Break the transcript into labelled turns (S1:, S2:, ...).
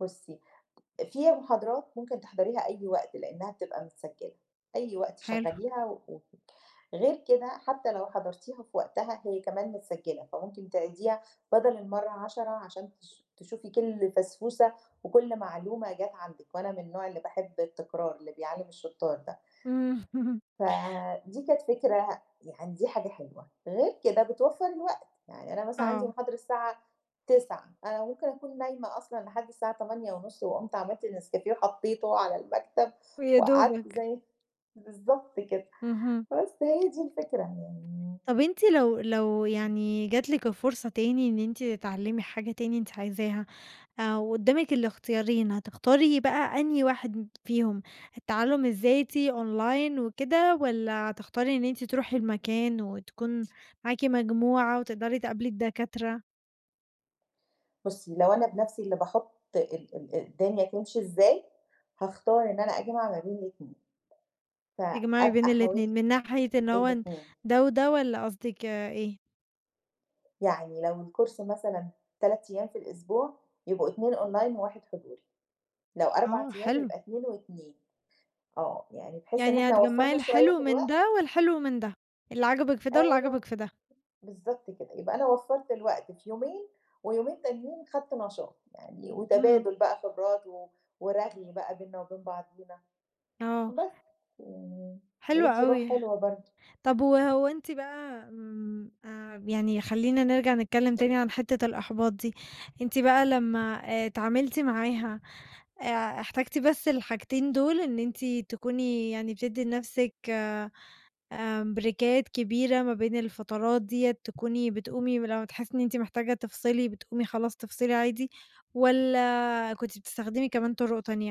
S1: بُصّي، فيها محاضرات ممكن تحضريها أي وقت، لإنّها بتبقى متسجِّلة، أي وقت
S2: حلو.
S1: شغّليها و [unintelligible] غير كده حتّى لو حضرتيها في وقتها هي كمان متسجِّلة، فممكن تعيديها بَدَل المّرة 10 عشان تش تشوفي كل فَسْفوسَة، وكل معلومة جات عندك وأنا من النوع اللي باحب التكرار اللي بيعلِّم الشُطّار ده.
S2: إمم.
S1: فدي كانت فكرة يعني دي حاجة حلوة، غير كده بتوفَّر الوقت. يعني أنا مثلًا عندي
S2: آه.
S1: محاضرة الساعة 09:00، أنا ممكن أكون نايمة أصلًا لحد الساعة 08:30 وقُمت عملت نسكافيه وحطّيته على المكتب
S2: ويا
S1: وقعدت
S2: دوبك.
S1: زي بالضبط كده.
S2: اهم.
S1: فبس هي دي الفكرة، يعني
S2: طَب أنتِ لو لو يعني جات لِك الفرصة تاني إن أنتِ تتعلِّمي حاجة تاني أنتِ عايزاها آآ وقُدّامك الاختيارين، هتختاري بقى أنهي واحد فيهم؟ التعلُّم الذاتي Online وكده والّا هتختاري إن أنتِ تروحي المكان وتكون معاكِ مجموعة وتقدري تقابلي الدكاترة؟
S1: بُصّي، لو أنا بنَفْسي اللي باحُط ال ال الدنيا تمشي إزاي، هاختار إن أنا أجمع ما بين الاتنين
S2: تجمعي بين
S1: فأبقى
S2: الاتنين
S1: حاولت
S2: من ناحية إن هو ن
S1: الاتنين.
S2: ده وده والّا قصدِك إيه؟
S1: يعني لو الCourse مثلًا 3 أيام في الأسبوع، يبقوا 2 Online وواحد حضوري. لو 4
S2: آه
S1: أيام،
S2: حلو.
S1: يبقى 2 و2. آه. يعني بحيث إن
S2: يعني
S1: إحنا
S2: هتجمَّعي
S1: وفَّرنا شوية
S2: الحلو
S1: في
S2: من
S1: الوقت
S2: ده والحلو من ده، اللي عجبك في ده واللي
S1: أيوه ب
S2: عجبك في ده.
S1: بالضبط كده. يبقى أنا وفَّرت الوقت في يومين ويومين تانيين خدت نشاط، يعني
S2: اهم.
S1: وتبادُل بقى خبرات و ورغي بقى بيننا وبين بعضينا.
S2: آه.
S1: بس، يعني
S2: حلو
S1: هيدّي روح
S2: أوي.
S1: حلوة برضه.
S2: طَب وهو أنتِ بقى آمم آآ يعني خلّينا نرجع نتكلِّم تاني عن حِتّة الإحباط دي، أنتِ بقى لمّا آآ اتعاملتِ معاها، آآ احتجتِ بس الحاجتين دول إن أنتِ تكوني يعني بتدّي لنَفْسِك آمم بريكات كبيرة ما بين الفترات ديّة تكوني بتقومي ولما تحسّي إن أنتِ محتاجة تفصِلي بتقومي خلاص تفصِلي عادي والّا كنتِ بتستخدمي كمان طُرُق تانية؟